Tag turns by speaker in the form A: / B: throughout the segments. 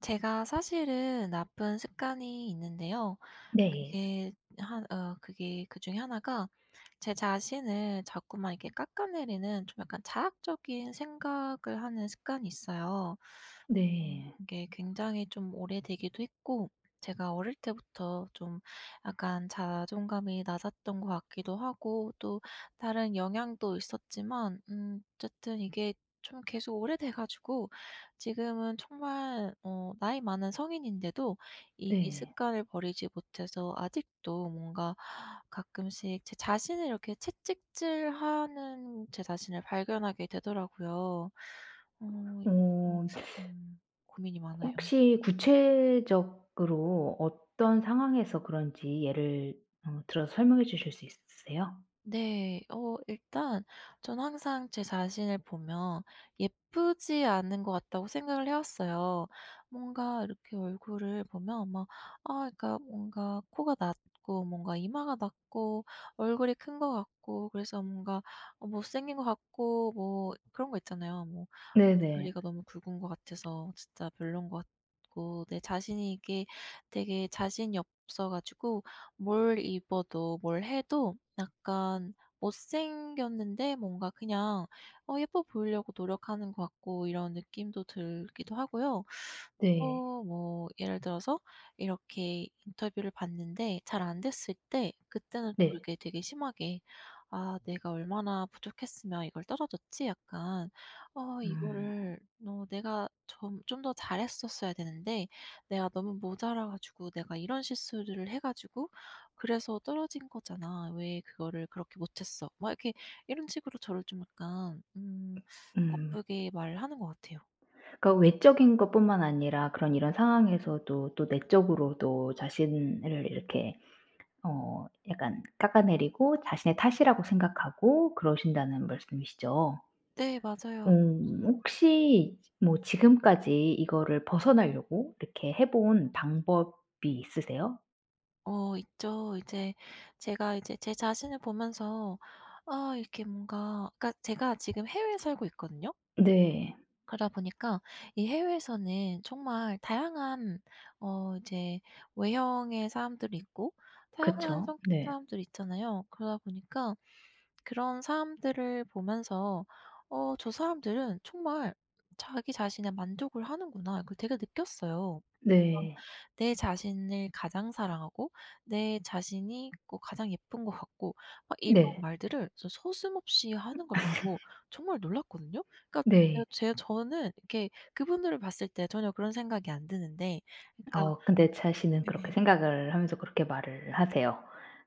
A: 제가 사실은 나쁜 습관이 있는데요
B: 네.
A: 그게 한 어 그게 그중에 1 가 제 자신을 자꾸만 이렇게 깎아내리는 좀 약간 자학적인 생각을 하는 습관이 있어요. 음
B: 네.
A: 이게 굉장히 좀 오래되기도 했고 제가 어릴 때부터 좀 약간 자존감이 낮았던 것 같기도 하고 또 다른 영향도 있었지만 음 어쨌든 이게 좀 계속 오래돼 가지고 지금은 정말 어 나이 많은 성인인데도 이
B: 네.
A: 습관을 버리지 못해서 아직도 뭔가 가끔씩 제 자신을 이렇게 채찍질하는 제 자신을 발견하게 되더라고요. 어 음
B: 어.
A: 음 고민이 많아요.
B: 혹시 구체적으로 어떤 상황에서 그런지 예를 어 들어서 설명해 주실 수 있으세요?
A: 네. 어 일단 저는 항상 제 자신을 보면 '예쁘지 않은 것 같다.'고 생각을 해왔어요. 뭔가 이렇게 얼굴을 보면 막 아 그니까 뭔가 코가 낮고 뭔가 이마가 낮고 얼굴이 큰 것 같고 그래서 뭔가 어 못생긴 거 같고 뭐 그런 거 있잖아요. 뭐
B: 네네.
A: 다리가 너무 굵은 거 같아서 진짜 별로인 것 같고 내 자신이 이게 되게 자신이 없어 가지고 뭘 입어도 뭘 해도 약간 못생겼는데 뭔가 그냥 어 예뻐 보이려고 노력하는 것 같고 이런 느낌도 들기도 하고요. 또
B: 네.
A: 뭐 예를 들어서 이렇게 인터뷰를 봤는데 잘 안됐을 때 그때는 또
B: 네.
A: 이렇게 되게 심하게 '아 내가 얼마나 부족했으면 이걸 떨어졌지?' 약간 '아
B: 음.
A: 이거를 어 내가 점 좀 더 잘했었어야 되는데 내가 너무 모자라 가지고 내가 이런 실수를 해 가지고 그래서 떨어진 거잖아. 왜 그거를 그렇게 못했어.' 막 이렇게 이런 식으로 저를 좀 약간 음
B: 음.
A: 나쁘게 말하는 것 같아요.
B: 그 외적인 것뿐만 아니라 그런 이런 상황에서도 또 내적으로도 자신을 이렇게 어 약간 깎아내리고 자신의 탓이라고 생각하고 그러신다는 말씀이시죠?
A: 네 맞아요.
B: 음 혹시 뭐 지금까지 이거를 벗어나려고 이렇게 해본 방법이 있으세요?
A: 어 있죠. 이제 제가 이제 제 자신을 보면서 아 이렇게 뭔가 그러니까 제가 지금 해외에 살고 있거든요.
B: 네.
A: 그러다 보니까 이 해외에서는 정말 다양한 어 이제 외형의 사람들이 있고 다양한
B: 그쵸.
A: 성격의
B: 네.
A: 사람들이 있잖아요. 그러다 보니까 그런 사람들을 보면서 '어 저 사람들은 정말 자기 자신에 만족을 하는구나.' 그 되게 느꼈어요. 막
B: 네.
A: 내 자신을 가장 사랑하고 내 자신이 뭐 가장 예쁜 거 같고 막 이런
B: 네.
A: 말들을 저 서슴없이 하는 걸 보고 정말 놀랐거든요. 그러니까
B: 네.
A: 제 제 저는 이렇게 그분들을 봤을 때 전혀 그런 생각이 안 드는데 그러니까
B: 아 근데 자신은 그렇게
A: 네.
B: 생각을 하면서 그렇게 말을 하세요.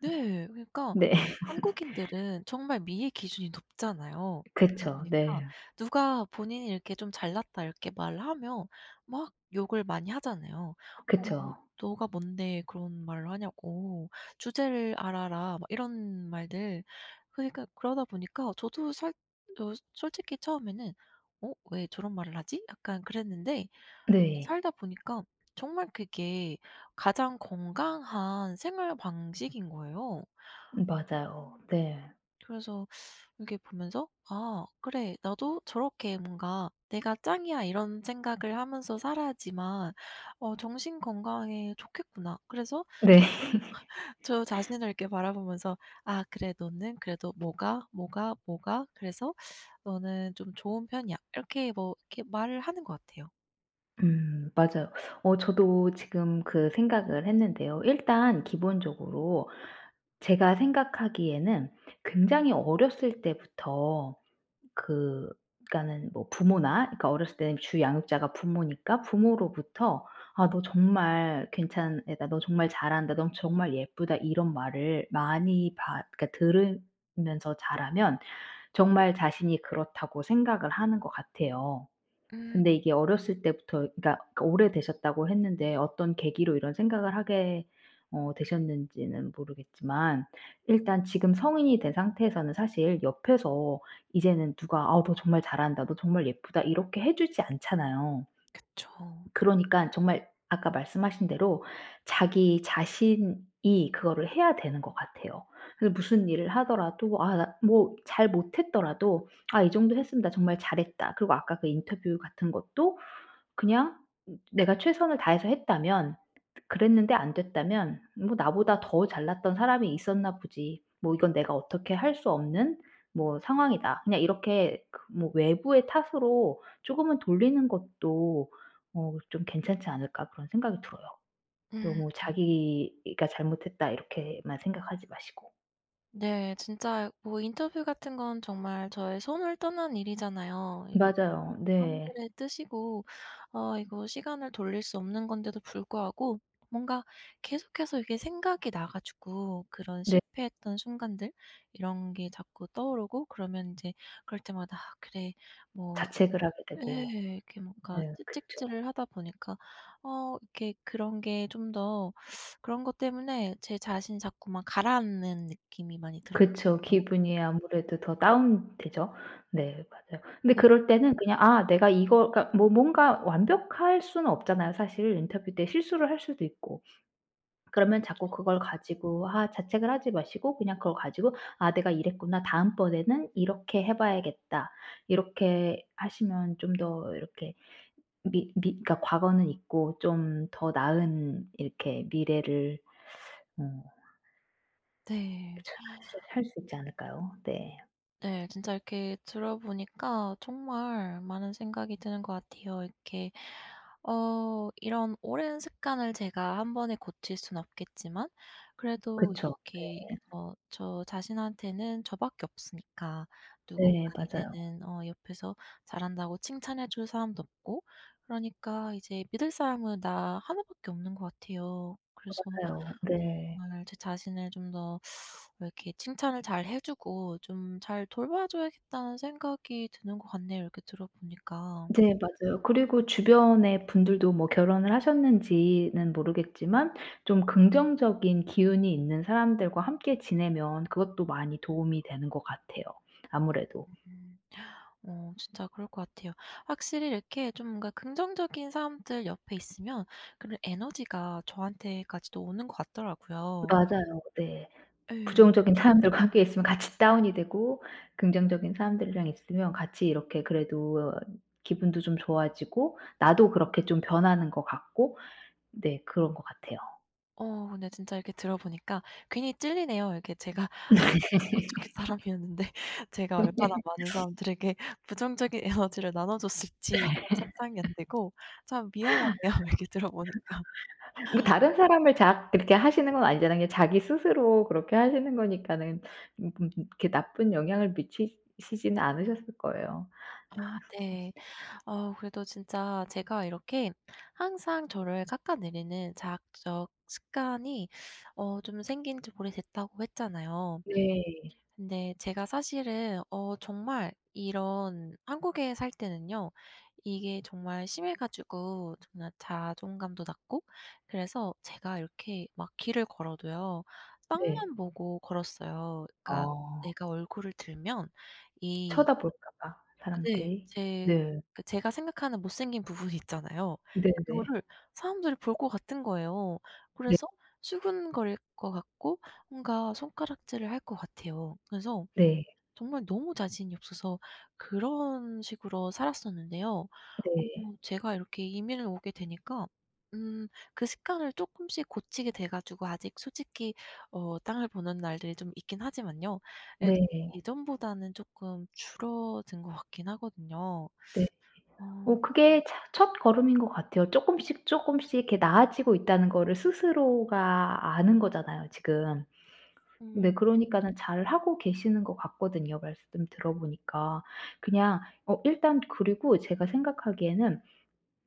A: 네. 그러니까
B: 네. 네.
A: 한국인들은 정말 미의 기준이 높잖아요. 그러다
B: 그쵸.
A: 보니까
B: 네.
A: 누가 본인이 이렇게 좀 잘났다 이렇게 말하면 막 욕을 많이 하잖아요. 어 그
B: 그쵸.
A: "너가 뭔데 그런 말을 하냐."고 "주제를 알아라." 막 이런 말들 그러니까 그러다 보니까 저도 살 어 솔직히 처음에는 '어? 왜 저런 말을 하지?' 약간 그랬는데 그
B: 네.
A: 살다 보니까 정말 그게 가장 건강한 생활 방식인 거예요. 어
B: 음
A: 어.
B: 맞아요. 네.
A: 그래서 이렇게 보면서 아 그래. 나도 저렇게 뭔가 '내가 짱이야.' 이런 생각을 하면서 살아야지만 어 정신건강에 좋겠구나. 그래서 좀
B: 네.
A: 저 자신을 이렇게 바라보면서 "아 그래 너는 그래도 뭐가, 뭐가, 뭐가 그래서 너는 좀 좋은 편이야." 이렇게 뭐 이렇게 말을 하는 것 같아요.
B: 음 맞아요. 어 저도 지금 그 생각을 했는데요 일단 기본적으로 제가 생각하기에는 굉장히 어렸을 때부터 그 그러니까는 뭐 부모나 그러니까 어렸을 때는 주 양육자가 부모니까 부모로부터 "아 너 정말 괜찮은 애다.", "너 정말 잘한다.", "넌 정말 예쁘다." 이런 말을 많이 받 그니까 들으면서 자라면 정말 자신이 그렇다고 생각을 하는 것 같아요.
A: 음.
B: 근데 이게 어렸을 때부터 그니까 그 오래되셨다고 했는데 어떤 계기로 이런 생각을 하게 어 되셨는지는 모르겠지만 일단 지금 성인이 된 상태에서는 사실 옆에서 이제는 누가 "아 너 정말 잘한다.", "너 정말 예쁘다." 이렇게 해주지 않잖아요.
A: 그쵸.
B: 그러니깐 정말 아까 말씀하신 대로 자기 자신이 그거를 해야 되는 것 같아요. 그래서 무슨 일을 하더라도 아 나 뭐 잘 못했더라도 '아 이 정도 했으면 나 정말 잘했다.' 그리고 아까 그 인터뷰 같은 것도 그냥 내가 최선을 다해서 했다면 그랬는데 안 됐다면 '뭐 나보다 더 잘났던 사람이 있었나 보지. 뭐 이건 내가 어떻게 할 수 없는 뭐 상황이다.' 그냥 이렇게 그 뭐 외부의 탓으로 쪼금은 돌리는 것도 어 좀 괜찮지 않을까 그런 생각이 들어요. 너무
A: 음.
B: 자기가 '잘못했다.' 이렇게만 생각하지 마시고.
A: 네. 진짜 뭐 인터뷰 같은 건 정말 저의 손을 떠난 일이잖아요. 이거는
B: 맞아요. 네.
A: 사람들의 뜻이고 어 이거 시간을 돌릴 수 없는 건데도 불구하고 뭔가 계속해서 이게 생각이 나 가지고 그런
B: 네.
A: 실패했던 순간들 이런 게 자꾸 떠오르고 그러면 인제 그럴 때마다 '아 그래 뭐'
B: 자책을 하게
A: 예.
B: 되고.
A: 이렇게 뭔가
B: 네 그쵸.
A: 채찍질을 하다 보니까 어 이렇게 그런 게 좀 더 그런 것 때문에 제 자신이 자꾸 막 가라앉는 느낌이 많이 들었거든요.
B: 그쵸. 기분이 아무래도 더 다운되죠. 네 맞아요. 근데
A: 네.
B: 그럴 때는 그냥 '아 내가 이거' 그러니까 뭐 뭔가 완벽할 수는 없잖아요. 사실 인터뷰 때 실수를 할 수도 있고. 그러면 자꾸
A: 그쵸.
B: 그걸 가지고 아 자책을 하지 마시고 그냥 그걸 가지고 '아 내가 이랬구나. 다음번에는 이렇게 해봐야겠다.' 이렇게 하시면 좀 더 이렇게 미 미 그러니까 과거는 있고 좀 더 나은 이렇게 미래를 어
A: 네.
B: [unintelligible] 살 수 있지 않을까요? 네.
A: 네. 진짜 이렇게 들어보니까 정말 많은 생각이 드는 것 같아요. 이렇게 어 이런 오랜 습관을 제가 1 번에 고칠 수는 없겠지만 그래도
B: 그쵸. 네.
A: 이렇게 어 저 자신한테는 저 밖에 없으니까 누군가
B: 네 맞아요.
A: 이제는 어 옆에서 잘한다고 칭찬해 줄 사람도 없고 그러니까 이제 믿을 사람은 나 1 밖에 없는 것 같아요. 그래서
B: 맞아요. 네.
A: 정말 '제 자신을 좀 더 이렇게 칭찬을 잘 해주고 좀 잘 돌봐줘야겠다.'는 생각이 드는 거 같네요 이렇게 들어보니까.
B: 네 맞아요. 그리고 주변의 분들도 뭐 결혼을 하셨는지는 모르겠지만 좀 긍정적인 기운이 있는 사람들과 함께 지내면 그것도 많이 도움이 되는 것 같아요 아무래도.
A: 음. 어 진짜 그럴 것 같아요. 확실히 이렇게 좀 뭔가 긍정적인 사람들 옆에 있으면 그런 에너지가 저한테까지도 오는 것 같더라고요.
B: 맞아요. 네.
A: 예.
B: 부정적인 사람들과 함께 있으면 같이 다운이 되고 긍정적인 사람들이랑 있으면 같이 이렇게 그래도 기분도 좀 좋아지고 나도 그렇게 좀 변하는 것 같고 네 그런 것 같아요.
A: 어 근데 진짜 이렇게 들어보니까 괜히 찔리네요. 이렇게 제가 아무래도 좀 부정적인 사람이었는데 제가
B: 음 네.
A: 얼마나 많은 사람들에게 부정적인 에너지를 나눠줬을지 좀 상상이 안 되고 참 미안하네요 얘기 들어보니까.
B: 뭐 다른 사람을 자학 그렇게 하시는 건 아니잖아요. 그냥 자기 스스로 그렇게 하시는 거니까는 음 음 음 이렇게 나쁜 영향을 미치시지는 않으셨을 거예요.
A: 아
B: 어.
A: 네. 어 그래도 진짜 제가 이렇게 항상 저를 깎아내리는 자학적 습관이 어 좀 생긴지 오래됐다고 했잖아요.
B: 네.
A: 근데 제가 사실은 어 정말 이런 한국에 살 때는요. 이게 정말 심해 가지고 정말 자존감도 낮고 그래서 제가 이렇게 막 길을 걸어도요
B: 네.
A: 땅만 보고 걸었어요. 그러니까
B: 어.
A: 내가 얼굴을 들면 이
B: 쳐다볼까봐
A: 네.
B: 사람들이.
A: 제
B: 네.
A: 그 제가 생각하는 못생긴 부분이 있잖아요.
B: 네네.
A: 그거를 사람들이 볼 것 같은 거예요.
B: 네.
A: 그래서 수근거릴 것 같고 뭔가 손가락질을 할 것 같아요. 그래서
B: 네.
A: 정말 너무 자신이 없어서 그런 식으로 살았었는데요. 어
B: 네.
A: 제가 이렇게 이민을 오게 되니까 음 그 습관을 쪼끔씩 고치게 돼 가지고 아직 솔직히 어 땅을 보는 날들이 좀 있긴 하지만요. 그래도
B: 네.
A: 예전보다는 쪼끔 줄어든 것 같긴 하거든요.
B: 네.
A: 어.
B: 어 그게 차 첫걸음인 것 같아요. 쪼끔씩, 쪼끔씩 이렇게 나아지고 있다는 거를 스스로가 아는 거잖아요 지금.
A: 음.
B: 네 그러니까는 잘 하고 계시는 것 같거든요 말씀 들어보니까. 그냥 어 일단 그리고 제가 생각하기에는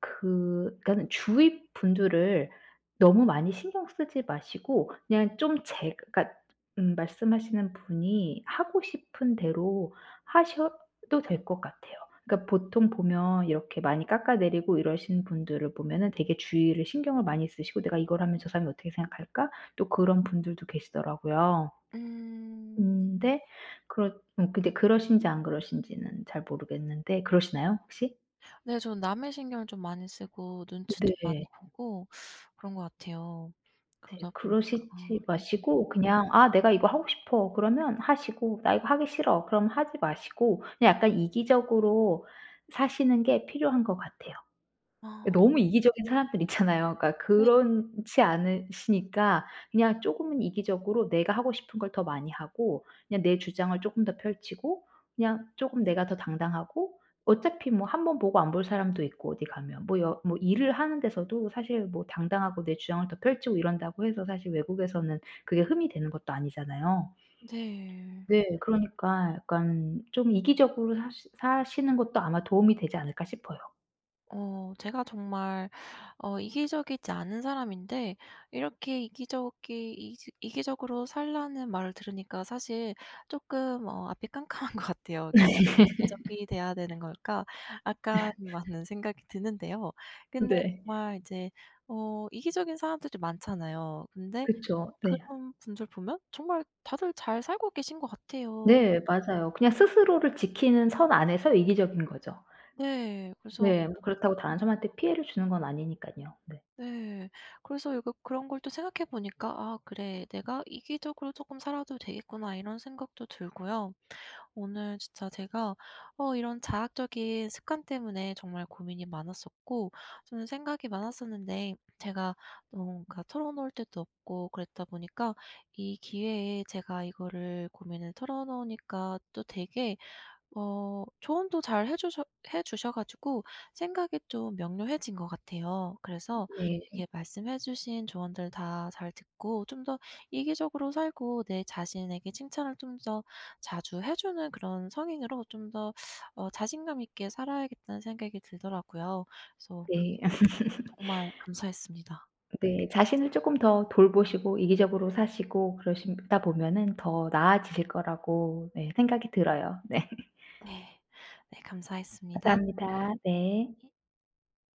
B: 그 그러니까는 주위 분들을 너무 많이 신경 쓰지 마시고 그냥 좀 제 그러니까 음 말씀하시는 분이 하고 싶은 대로 하셔도 될 것 같아요. 그러니까 보통 보면 이렇게 많이 깎아내리고 이러신 분들을 보면은 되게 주위를 신경을 많이 쓰시고 '내가 이걸 하면 저 사람이 어떻게 생각할까?' 또 그런 분들도 계시더라고요.
A: 음.
B: 근데 그렇 음 근데 그러신지 안 그러신지는 잘 모르겠는데 그러시나요? 혹시?
A: 네 저는 남의 신경을 좀 많이 쓰고 눈치도 많이
B: 네.
A: 보고 그런 거 같아요.
B: 네.
A: 그러다 보니까
B: 그러시지
A: 네.
B: 마시고 그냥 '아 내가 이거 하고 싶어.' 그러면 하시고 '나 이거 하기 싫어.' 그럼 하지 마시고 그냥 약간 이기적으로 사시는 게 필요한 것 같아요.
A: 아.
B: 너무 이기적인 사람들 있잖아요. 그러니까
A: 네.
B: 그렇지 않으시니까 그냥 쪼금은 이기적으로 내가 하고 싶은 걸 더 많이 하고 그냥 내 주장을 쪼끔 더 펼치고 그냥 쪼금 내가 더 당당하고 어차피 뭐 1 번 보고 안 볼 사람도 있고 어디 가면 뭐 여 뭐 일을 하는 데서도 사실 뭐 당당하고 내 주장을 더 펼치고 이런다고 해서 사실 외국에서는 그게 흠이 되는 것도 아니잖아요.
A: 네.
B: 네. 그러니까 약간 좀 이기적으로 사시 사시는 것도 아마 도움이 되지 않을까 싶어요.
A: 어 제가 정말 어 이기적이지 않은 사람인데 이렇게 이기적이 이지 "이기적으로 살라."는 말을 들으니까 사실 쪼끔 어 앞이 깜깜한 것 같아요. 이거 '왜 이기적이 돼야 되는 걸까?' 약간 많은 생각이 드는데요. 근데
B: 네.
A: 정말 이제 어 이기적인 사람들도 많잖아요. 근데
B: 그쵸. 네.
A: 그런 분들 보면 정말 다들 잘 살고 계신 것 같아요.
B: 네 맞아요. 그냥 스스로를 지키는 선 안에서 이기적인 거죠.
A: 네. 그래서 어
B: 네 뭐 그렇다고 다른 사람한테 피해를 주는 건 아니니깐요. 네.
A: 네. 그래서 약간 그런 걸 또 생각해 보니까 '아 그래. 내가 이기적으로 쪼끔 살아도 되겠구나.' 이런 생각도 들고요. 오늘 진짜 제가 어 이런 자학적인 습관 때문에 정말 고민이 많았었고 저는 생각이 많았었는데 제가 뭔가 털어놓을 데도 없고 그랬다 보니까 이 기회에 제가 이거를 고민을 털어놓으니까 또 되게 어 조언도 잘해 주셔 해 주셔 가지고 생각이 좀 명료해진 것 같아요. 그래서
B: 네.
A: 이게 말씀해 주신 조언들 다 잘 듣고 좀 더 이기적으로 살고 내 자신에게 칭찬을 좀 더 자주 해 주는 그런 성인으로 좀 더 어 '자신감 있게 살아야겠다.'는 생각이 들더라고요. 그래서
B: 네.
A: [unintelligible] 정말 감사했습니다.
B: 네. 자신을 쪼끔 더 돌보시고 이기적으로 사시고 그러시다 보면은 더 나아지실 거라고 네 생각이 들어요. 네.
A: 네. 네 감사했습니다.
B: 감사합니다. 네.
A: 네.